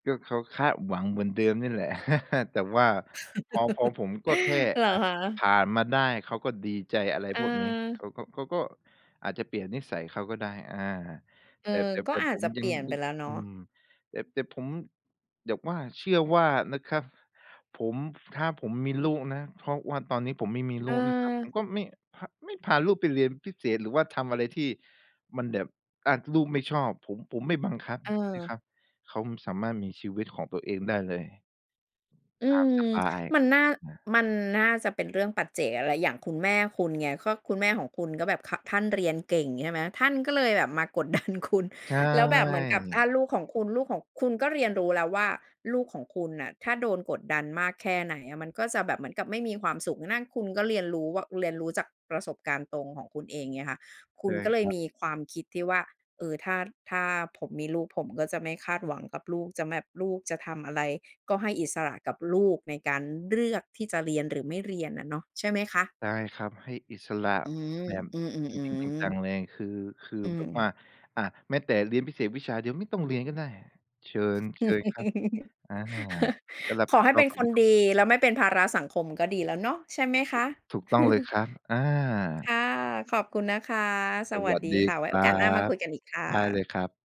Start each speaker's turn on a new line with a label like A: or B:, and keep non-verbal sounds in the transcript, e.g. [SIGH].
A: ก็เขาคาดหวังเหมือนเดิมนี่แหละ [LAUGHS] แต่ว่าพอ พอ
B: [LAUGHS]
A: ผมก็แค่
B: เหร
A: อ
B: อ
A: ะ
B: คะ
A: ผ่านมาได้ เขาก็ดีใจอะไรพวกนี้ เข
B: เออ
A: าก็ เขาก็อาจจะเปลี่ยนนิสัยเขาก็ได้ อ่า
B: เอ
A: แ
B: อ
A: ต่ แต่
B: ก
A: แ
B: ็
A: ต่
B: อา
A: ผ
B: จ
A: ม
B: จะเ
A: ย
B: ป
A: ัง
B: ลี่ยนไป
A: [UNINTELLIGIBLE]
B: แล้วเนา
A: อ
B: ะ
A: ืม แต่ แต่ผม แบบว่าเชื่อว่านะครับ ผม ถ้าผมมีลูกนะ เพราะว่าตอนนี้ผมไม่มีลูกนะครับ ผม
B: เออ
A: ก็ไม่ พ ไม่พาลูกไปเรียนพิเศษ หรือว่าทำอะไรที่มันแบบ อะ ลูกไม่ชอบ ผม ผมไม่บังคับนะค
B: เออ
A: รับ เขาสามารถมีชีวิตของตัวเองได้เลย
B: อื
A: ตามส
B: ม
A: บาย
B: มันน่า
A: นะ
B: มันน่าจะเป็นเรื่องปัจเจกอะ แล้วอีกอย่างคุณแม่คุณไง ก็คุณแม่ของคุณก็แบบ ค ท่านเรียนเก่งใช่ไหม? ท่านก็เลยแบบ มากดดันคุณ
A: ใช
B: แล้วแบบเหมือนกับถ้
A: ่
B: าลูกของคุณ ลูกของ คุณก็เรียนรู้แล้วว่า ลูกของคุณน่ะ ถ้าโดนกดดันมากแค่ไหนอะ มันก็จะแบบเหมือนกับไม่มีความสุข นั่นคุณก็เรียนรู้ว่า เรียนรู้จากประสบการณ์ตรงของคุณเอง เงี้ยค่ะ ค
A: ใ
B: ุ
A: ช
B: ณ
A: ่
B: ก็เล
A: ค
B: ย
A: รับ
B: มีความคิดที่ว่า เออ ถ้า ถ้าผมมีลูก ผมก็จะไม่คาดหวังกับลูก จะแบบ ลูกจะทำอะไรก็ให้อิสระ กับลูกในการเลือกที่จะเรียน หรือไม่เรียนอะเนาะ ใช่ไหมคะ?
A: ได้ครับ ให้อิสระ
B: อืม
A: แบบ
B: อื
A: จริง
B: อ
A: ๆ จั
B: ๆ ๆ
A: ง ๆ เลย คือ คือ
B: อื
A: แบ
B: ม
A: บว่
B: ๆ
A: า อะแม้แต่เรียนพิเศษวิชาเดียวไม่ต้องเรียนก็ได้ เชิญ เชิญครับ
B: [LAUGHS]
A: อา ก็รับ
B: ข
A: ผ
B: อ
A: ิด
B: ให้
A: ช
B: เ
A: อ
B: ป็
A: บ
B: น
A: ช
B: ค
A: ีวิ
B: น
A: ตของ
B: ดี แล้วไม่เป็นภาระสังคมก็ดีแล้วเนาะ ใช่ไหมค
A: ถู
B: ะ?
A: ก ถูกต้องเลย
B: [LAUGHS]
A: ครับ อา
B: ค่ะ ขอบคุณนะคะ ส
A: ส
B: ว
A: ว
B: ั
A: ั
B: ส
A: ส
B: ดี
A: ดี
B: ค่ะ ไว
A: ค
B: ้
A: ร
B: โอ
A: ั
B: กาสหน้ามา
A: บ
B: คุยกันอีกค่
A: ได้เล
B: ะ
A: ยครับ